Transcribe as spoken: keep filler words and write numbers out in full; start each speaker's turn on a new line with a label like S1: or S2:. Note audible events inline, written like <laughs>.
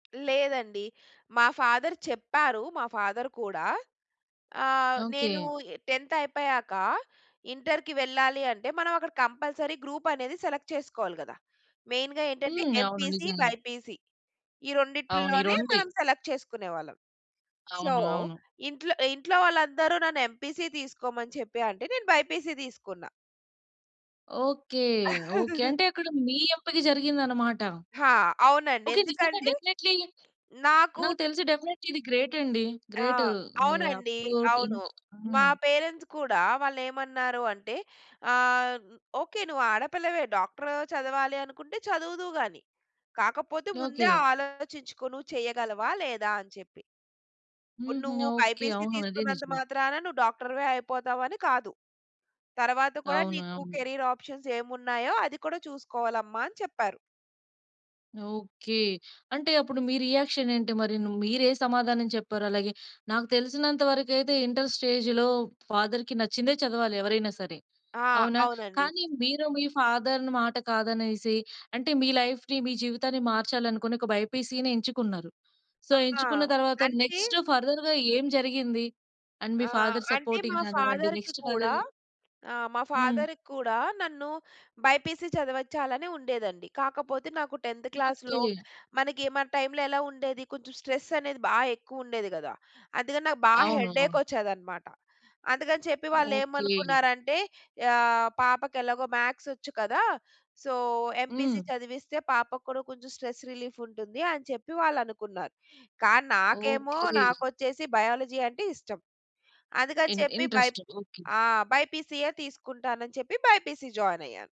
S1: లేదండి. మా ఫాదర్ చెప్పారు. మా ఫాదర్ కూడా అహ్, నేను
S2: ఓకె.
S1: టెంథ్ అయిపోయాక, ఇంటర్‌కి వెళ్ళాలి. అంటే, మనం అక్కడ కంపల్సరీ గ్రూప్ అనేది సెలెక్ట్ చేసుకోవాలి కదా! మెయిన్‌గా ఏంటంటే
S2: హ్మ్. అవును,
S1: ఎంపీసీ,
S2: నిజంగానే.
S1: బైపీసీ ఈ
S2: అవును, ఈ
S1: రెండిటిలోనే
S2: రోండే.
S1: మనం సెలెక్ట్ చేసుకునేవాళ్ళం. సో,
S2: అవును, అవును.
S1: ఇంట్లో ఇంట్లో వాళ్ళందరూ, నన్ను ఎంపీసీ తీసుకోమని చెప్పి అంటే, నేను బైపీసీ తీసుకున్నా.
S2: Okay, okay.
S1: <laughs>
S2: అంటే అక్కడ, మీ ఎంపిక జరిగిందనమాట.
S1: ఆ! అవునండి,
S2: ఓకె. నిజంగా
S1: ఎందుకంటే,
S2: డెఫినెట్లీ,
S1: నాకు
S2: నాకు
S1: తె
S2: తెలిసి డెఫినెట్లీ ఇది గ్రేట్ అండి.
S1: ఆ!
S2: గ్రేటు మీది
S1: అవునండి,
S2: అప్రోటి
S1: అవును. మా
S2: హ్మ్.
S1: పేరెంట్స్ కూడా వాళ్ళు ఏమన్నారు అంటే ఆహ్, "ఒకే నువ్వు ఆడపిల్లవే డాక్టర్ చదవాలి అనుకుంటే, చదువుదువు గాని, కాకపోతే ముందే,
S2: ఓకె.
S1: ఆలోచించుకో నువ్వు చేయగలవా? లేదా?" అని చెప్పి. ఇప్పుడు
S2: హుహు.
S1: "నువ్వు
S2: ఓకె. ఆ!
S1: బైపీసీ
S2: అది
S1: తీసుకున్నంత
S2: నిజమే.
S1: మాత్రాన నువ్వు డాక్టర్‌వే అయిపోతావు అని కాదు. తరువాత కూడా
S2: అవును,
S1: నీకు
S2: అవును.
S1: కేరియర్ ఆప్షన్స్ ఏమున్నాయో అది కూడా చూసుకోవాలమ్మా" అని చెప్పారు.
S2: ఓకె. అంటే, అప్పుడు మీ రియాక్షన్ ఏంటి మరి? మీరు ఏ సమాధానం చెప్పారు? అలాగే నాకు తెలిసినంత వరకు అయితే, ఇంటర్ స్టేజ్‌లో ఫాదర్‌కి నచ్చిందే చదవాలి. ఎవరైనా సరే,
S1: ఆ!
S2: అవునా?
S1: అవునండి.
S2: కానీ మీరో మీ ఫాదర్‌ని మాట కాదనేసి, అంటే మీ లైఫ్‌ని మీ జీవితాన్ని మార్చాలి అనుకొని ఒక బైపీసీని ఎంచుకున్నారు. సో,
S1: ఆ!
S2: ఎంచుకున్న తర్వాత
S1: అంటే
S2: నెక్స్ట్ ఫర్దర్‌గా ఏం జరిగింది? అండ్ మీ
S1: ఆహ్,
S2: ఫాదర్
S1: అంటే,
S2: సపోర్టింగ్
S1: మా
S2: కానివ్వండి
S1: ఫాదర్‌కి
S2: నెక్స్ట్ ఫర్దర్‌
S1: కూడా ఆ! మా
S2: హ్మ్.
S1: ఫాదర్‌కి కూడా నన్ను బైపీసీ చదవచ్చాలని ఉండేదండి. కాకపోతే, నాకు టెంథ్ క్లాస్‌లో
S2: ఓకె.
S1: మనకి, మన టైమ్‌లో ఎలా ఉండేది, కొంచెం స్ట్రెస్ అనేది బాగ ఎక్కువ ఉండేది కదా. అందుకని నాకు బాగా
S2: అవును,
S1: హెడేక్
S2: అవును.
S1: వచ్చేదన్నమాట. అందుకని చెప్పి వాళ్ళు
S2: ఓకె.
S1: ఏమనుకున్నారంటే ఆహ్, పాపకి ఎలాగో మ్యాథ్స్ వచ్చు కదా! సో, ఎంపీసీ
S2: హ్మ్.
S1: చదివిస్తే పాపకి కూడా కొంచెం స్ట్రెస్ రిలీఫ్ ఉంటుంది, అని చెప్పి వాళ్ళు అనుకున్నారు. కానీ నాకేమో,
S2: ఓకె.
S1: నాకొచ్చేసి బయాలజీ అంటే ఇష్టం. అందుకని
S2: ఇన్
S1: చెప్పి బైపే
S2: ఇంట్రెస్ట్. ఓకె.
S1: ఆ! బైపీసీయే తీసుకుంటానని చెప్పి, బైపీసీ జాయిన్ అయ్యాను.